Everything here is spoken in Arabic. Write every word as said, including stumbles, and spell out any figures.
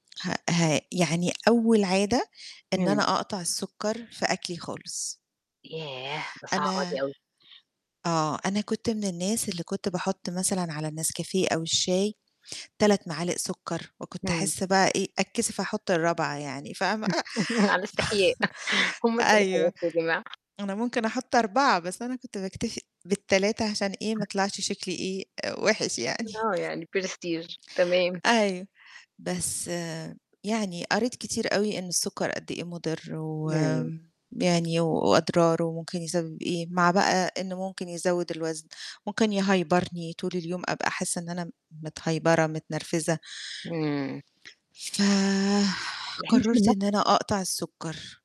هأ ها يعني أول عادة إن إمم. أنا أقطع السُكّر في أكلي خالص. ياه! ده صعبة أنا دي أوي. آه، أنا كنت من الناس اللي كنت باحُط مثلًا على النسكافيه أو الشاي تَلَت معالق سُكّر وكنت إمم. أحِس بقى إيه، أتكسف أحُط الرابعة يعني فاهمة؟ على استحياء هم ف تلاتة أيوه. بس يا جماعة. أنا ممكن أحُط أربعة بس أنا كنت باكتفي بالتلاتة عشان إيه ما أه يطلعش شكلي إيه آآ وِحش يعني. آه، يعني prestige، تمام. أيوه. بس يعني قريت كتير أوي إن السُكّر قد إيه مُضِر إمم. وم يعني و وأضراره وممكن يسَبب إيه، مع بقى إنه ممكن يزوّد الوزن، ممكن يهيبرني طول اليوم أبقى حاسّة إن أنا م متهيبرة، متنرفزة. إمم. ف يعني أنتِ من قرّرت إن نُفْسِك أنا أقطع السُكّر.